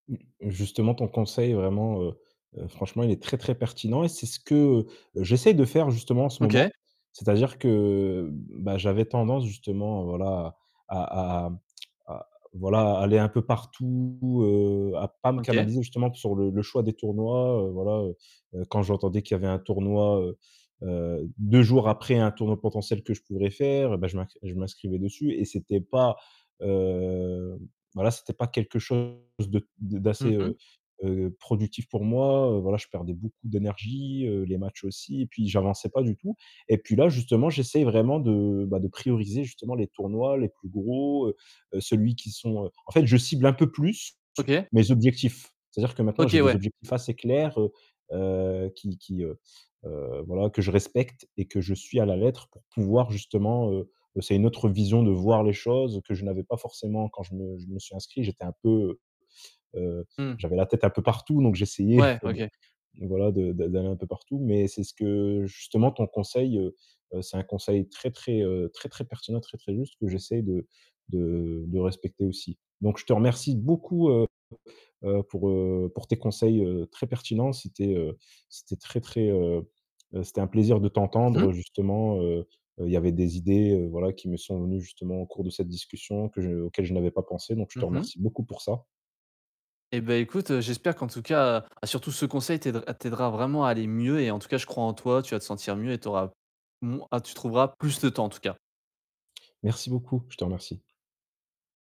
Justement, ton conseil est vraiment, heu heu, franchement, il est très, très pertinent et c'est ce que j'essaie de faire justement en ce OK. moment. C'est-à-dire que, heu, bah, j'avais tendance justement, voilà à à à voilà, à aller un peu partout, heu, à pas me OK. canaliser justement sur le le choix des tournois, heu, voilà, heu, quand j'entendais qu'il y avait un tournoi, heu heu, 2 jours après un tournoi potentiel que je pourrais faire, bah, je m je m'inscrivais dessus et c'était pas heu, voilà, c'était pas quelque chose de Mmh d'assez, mh. heu heu, productif pour moi. Heu, voilà, je perdais beaucoup d'énergie, heu, les matchs aussi et puis j'avançais pas du tout, et puis là, justement, j'essaie vraiment de, bah, de prioriser justement les tournois les plus gros, heu, celui qui sont heu, en fait, je cible un peu plus OK. mes objectifs. C'est-à-dire que maintenant j'ai OK, des ouais. objectifs assez clairs, heu heu, qui qui heu heu, voilà que je respecte et que je suis à la lettre pour pouvoir justement heu heu, c'est une autre vision de voir les choses que je n'avais pas forcément. Quand je me je me suis inscrit, j'étais un peu, heu heu, Mmh. j'avais la tête un peu partout, donc j'essayais Ouais, de, OK. voilà de de d'aller un peu partout, mais c'est ce que justement ton conseil, heu, c'est un conseil très, très, heu, très, très pertinent, très, très juste que j'essaie de de de respecter aussi, donc ou je te remercie beaucoup, heu heu, pour, heu, pour tes conseils, heu, très pertinents. C'était, heu, c'était très, très heu, c'était un plaisir de Mmh t'entendre mh. justement, heu heu, il y avait des idées, heu, voilà qui me sont venus justement au cours de cette discussion que je auxquelles je n'avais pas pensé, donc je te Mmh mh. remercie beaucoup pour ça. Et bah, écoute, j'espère qu'en tout cas heu, surtout ce conseil t t'aidera vraiment à aller mieux et en tout cas, je crois en toi, tu vas te sentir mieux et tu auras moin ah, tu trouveras plus de temps en tout cas. Merci beaucoup, je te remercie.